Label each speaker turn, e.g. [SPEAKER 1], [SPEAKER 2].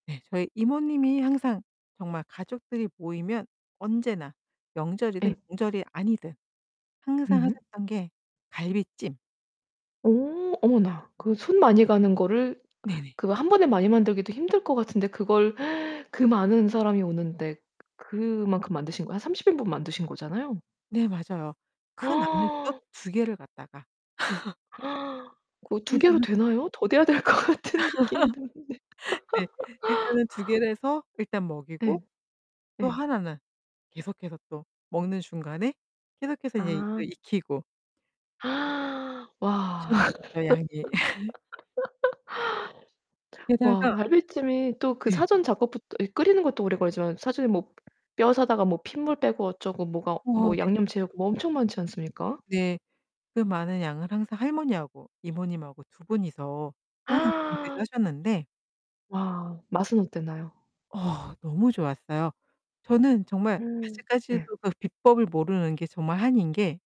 [SPEAKER 1] 네, 저희 이모님이 항상 정말 가족들이 모이면 언제나 명절이든
[SPEAKER 2] 예.
[SPEAKER 1] 명절이 아니든 항상
[SPEAKER 2] 음.
[SPEAKER 1] 하셨던 게 갈비찜.
[SPEAKER 2] 어 어머나. 그 손 많이 가는 거를
[SPEAKER 1] 네네.
[SPEAKER 2] 그거 한 번에 많이 만들기도 힘들 것 같은데 그걸 그 많은 사람이 오는데 그만큼 만드신 거예요. 한 30 인분 만드신 거잖아요.
[SPEAKER 1] 네, 맞아요. 큰 압력솥 2 개를 갖다가.
[SPEAKER 2] 고 2
[SPEAKER 1] 항상
[SPEAKER 2] 개로
[SPEAKER 1] 하셔서
[SPEAKER 2] 되나요? 더 돼야 될 것 같은 느낌이 드는데.
[SPEAKER 1] 네. 일단은 2 개를 해서 일단 먹이고.
[SPEAKER 2] 예.
[SPEAKER 1] 또
[SPEAKER 2] 예.
[SPEAKER 1] 하나는 계속해서 또 먹는 중간에 계속해서 이제 이거
[SPEAKER 2] 아.
[SPEAKER 1] 익히고
[SPEAKER 2] 와.
[SPEAKER 1] 엄청났었죠 양이.
[SPEAKER 2] 와,
[SPEAKER 1] 게다가
[SPEAKER 2] 갈비찜이 또 그
[SPEAKER 1] 네.
[SPEAKER 2] 사전 작업부터 이 끓이는 것도 오래 걸리지만 사전에 뭐 뼈 사다가 뭐 핏물 빼고 어쩌고 뭐가
[SPEAKER 1] 어 네 맞아요.
[SPEAKER 2] 뭐 양념 재우고 뭐 엄청 많지 않습니까?
[SPEAKER 1] 네. 그 많은 양을 항상 할머니하고 이모님하고 두 분이서 항상 준비를 하셨는데
[SPEAKER 2] 와, 맛은 어땠나요?
[SPEAKER 1] 어 너무 좋았어요. 저는 정말
[SPEAKER 2] 음 네.
[SPEAKER 1] 아직까지도 그 비법을 모르는 게 정말 한인 게